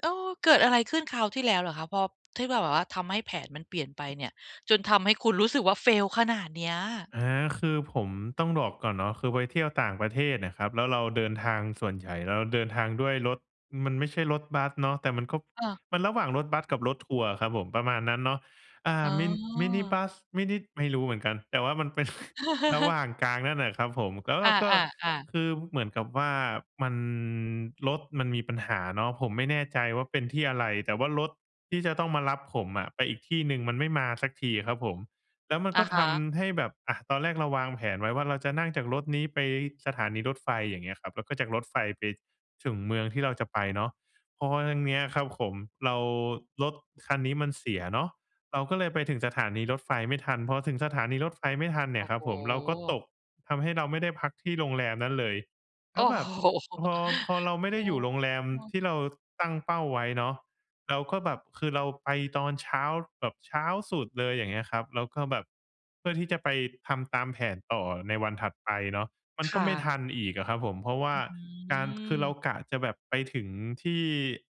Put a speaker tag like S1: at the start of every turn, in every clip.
S1: โอ้ เกิดอะไรขึ้นคราวที่แล้วเหรอคะ? พอ ที่แบบ แบบว่าทำให้แผนมันเปลี่ยนไปเนี่ย จนทำให้คุณรู้สึกว่า fail ขนาดเนี้ย
S2: อา คือผมต้องดอกก่อนเนาะ คือไปเที่ยวต่างประเทศน่ะครับ แล้วเราเดินทาง ส่วนใหญ่เราเดินทางด้วยรถ มันไม่ใช่รถบัสเนาะ แต่มันก็
S1: อา
S2: มันระหว่างรถบัสกับรถทัวร์อะครับผม ประมาณนั้นเนาะ อา
S1: อ๋
S2: มิ้น มินิบ
S1: อ
S2: ัส ไม่นิด ไม่รู้เหมือนกัน แต่ว่ามัน เป็น ระหว่างกลางนั่นน่ะครับผม แล้วเ
S1: อ
S2: ราก็
S1: า ๆ ๆ
S2: คือเหมือนกับว่ามัน รถมันมีปัญหาเนาะ ผมไม่แน่ใจว่าเป็นที่อะไร แต่ว่ารถที่จะต้องมารับผมอะไปอีกที่หนึ่งมันไม่มาเสียทีอะครับผม แล้วมัน
S1: อ
S2: ก
S1: ะ
S2: ็
S1: ฮ
S2: ท
S1: ะ
S2: ำให้แบบ อา ตอนแรกเราวางแผนไว้ว่าเราจะนั่งจากรถนี้ไปสถานีรถไฟ อย่างเงี้ยครับ แล้วก็จากรถไฟไป ถึงเมืองที่เราจะไปเนาะ เพราะว่าครั้ง เนี้ยครับขม เรา รถคันนี้มันเสียเนาะ เราก็เลยไปถึงสถานีรถไฟไม่ทัน พอถึงสถานีรถไฟไม่ทันเน
S1: โ
S2: ี
S1: อ
S2: ่
S1: ้
S2: ยคร
S1: โ
S2: ั
S1: ฮ
S2: บผม เราก็ตก ทำให้เราไม่ได้พักที่โรงแรมนั้นเลย
S1: โ
S2: แ
S1: อ
S2: ล
S1: ้
S2: ้วแบ
S1: โฮ
S2: บพอ พอเราไม่
S1: โอ
S2: ได
S1: ้
S2: ้อยู่โรงแรม
S1: โฮ
S2: ที่เราตั้งเป้าไว้เนาะ เราก็แบบ คือเราไปตอนเช้า ล แบบเช้าสุดเลย อย่างเงี้ยครับ แล้วก็แบบเพื่อที่จะไปทำตามแผนต่อในวันถัดไปเนาะ มัน
S1: ค
S2: ก็
S1: ่
S2: ไม่
S1: ะ
S2: ทันอีกอะครับผม เพราะ ว่
S1: อ
S2: า
S1: ื้อฮื
S2: การ คือเรา
S1: อ
S2: กะจะแบบไปถึงที่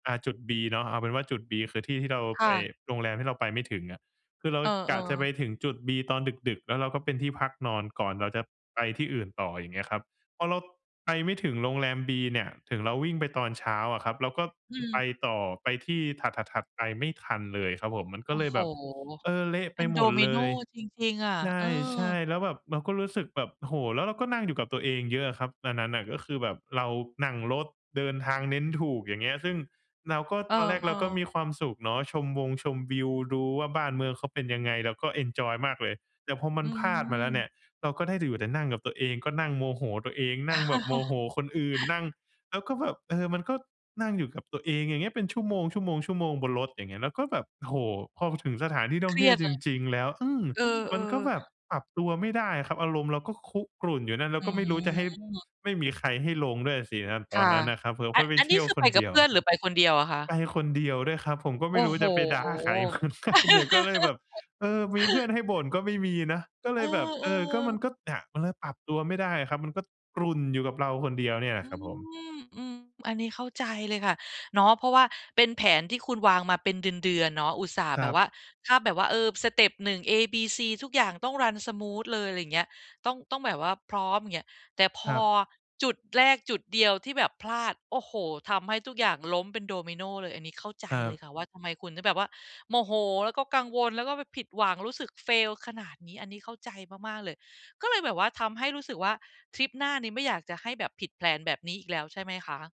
S2: อ่า จุดบีเนาะ เอาเป็นว่า จุดบีคือที่ที่เรา
S1: ค
S2: ไป
S1: ่ะ
S2: โรงแรมที่เราไปไม่ถึงอะ คือเรา
S1: เออ
S2: กะจะไป
S1: ๆ
S2: ถึงจุดบีตอนดึก ๆ แล้วเราก็เป็นที่พัก นอนก่อนเราจะไปที่อื่นต่อ อย่างเงี้ยครับ พอเราไปไม่ถึงโรงแรมบีเนี่ย ถึงเราวิ่งไปตอนเช้าอะครับ เราก็
S1: อื
S2: อ ไป
S1: ม
S2: ต่อ ไปที่ถัด ๆ ๆ ไปไม่ทันเลยครับผม มันก็
S1: โอ้
S2: เลย
S1: โฮ!
S2: แบบ เออ เละ
S1: เ
S2: ไ
S1: ป
S2: ป
S1: ็น
S2: ห
S1: ด
S2: ม
S1: อ
S2: ด
S1: มิ
S2: เล
S1: โน
S2: ย
S1: จริง ๆ อะ
S2: ใ
S1: เออ
S2: ช่ ๆ แล้วแบบเราก็รู้สึกแบบ โอ้โฮ แล้วเราก็นั่งอยู่กับตัวเองเยอะอะครับ อันนั้นน่ะก็คือแบบเรานั่งรถเดินทางเน้นถูก อย่างเงี้ย ซึ่งเราก็
S1: เออ
S2: ตอนแรกเราก็ม
S1: ๆ
S2: ีความสุขเนาะ ชมวงชมวิว ดูว่าบ้านเมืองเขาเป็นยังไง เราก็เอนจอยมากเลย แต่พอมั
S1: อื
S2: นพลาดมาแล้วเนี
S1: ม
S2: ่ย เราก็ได้แต่อยู่แต่ นั่งกับตัวเอง ก็นั่งโมโหตัวเอง นั่งแบบโมโหคนอื่น นั่งแล้วก็แบบ เออ มันก็นั่งอยู่กับตัวเอง อย่างเงี้ย เป็นชั่วโมง ๆ ๆ บนรถ อย่างเงี้ย แล้วก็แบบ โอ้โฮ! พอ พ ถึงสถานที่ท่
S1: เค
S2: อง
S1: ร
S2: เท
S1: ี
S2: ี่
S1: ย
S2: ยว
S1: ดเ
S2: จ
S1: ลย
S2: ริง ๆ แล้ว อืม
S1: เออ
S2: มันก็แบ
S1: ๆ
S2: บปรับตัวไม่ได้อะครับ อารมณ์เราก็ ค คุกรุ่นอยู่นั่น แล้
S1: อื
S2: วก็ไม่รู้จะให้
S1: ม
S2: ไม่มีใครให้ลงด้วยอะสิครับ อ ต
S1: ค
S2: อน
S1: ่ะ
S2: นั้นนะครับผม
S1: อ
S2: เพราะไป
S1: อัน
S2: เท
S1: นี
S2: ี
S1: ้
S2: ่ยว
S1: คือ
S2: ค
S1: ไป
S2: น
S1: ก
S2: เ
S1: ั
S2: ด
S1: บ
S2: ี
S1: เ
S2: ยว
S1: พื่อนหรือไปคนเดียวอะคะ?
S2: ไปคนเดียวด้วยครับ ผมก็
S1: โ
S2: ไ
S1: อ
S2: ม
S1: ้
S2: ่รู้
S1: โฮ
S2: จะไปด่าใคร เหมือนกัน เนี่ยก็เลยแบบ เออ มีเพื่อนให้บ่นก็ไม่มีนะ ก็เ
S1: เ
S2: ล
S1: อ
S2: ยแบบ เออ ก็ม
S1: อ ๆ
S2: ันก็ อา มันเลยปรับตัวไม่ได้อะครับ มัน ก็กรุ่นอยู่กับเราคนเดียวเนี่ยแหล
S1: อ
S2: ะ
S1: ื
S2: ครับผม
S1: ม อือ อันนี้เข้าใจเลยค่ะ เนาะ เพราะว่าเป็นแผนที่คุณวางมาเป็นเดือน ๆ เนาะ อุตส่าห์
S2: ค
S1: แ
S2: ร
S1: บ
S2: ั
S1: บว่
S2: บ
S1: า ถ้าแบบว่า เออ สเต็ป 1 เอบีซี ทุกอย่างต้อง run smooth เลย อะไรเงี้ย ต้อง ต้องแบบว่าพร้อม อย่างเงี้ย แต่พ
S2: คร
S1: อ
S2: ับ
S1: จุดแรกจุดเดียวที่แบบพลาด โอ้โฮ ทำให้ทุกอย่างล้มเป็นดอมิโนเลย อันนี้เข้าใจ
S2: คร
S1: เลย
S2: ับ
S1: ค่ะว่าทำไมคุณถึงแบบว่าโมโห แล้วก็กังวล แล้วก็ไปผิดหวัง รู้สึก fail ขนาดนี้ อันนี้เข้าใจมาก ๆ เลย ก็เลยแบบว่าทำให้รู้สึกว่าทริปหน้านี้ไม่อยากจะให้แบบผิด แพลน แบบนี้อีกแล้วใช่ไหมคะ?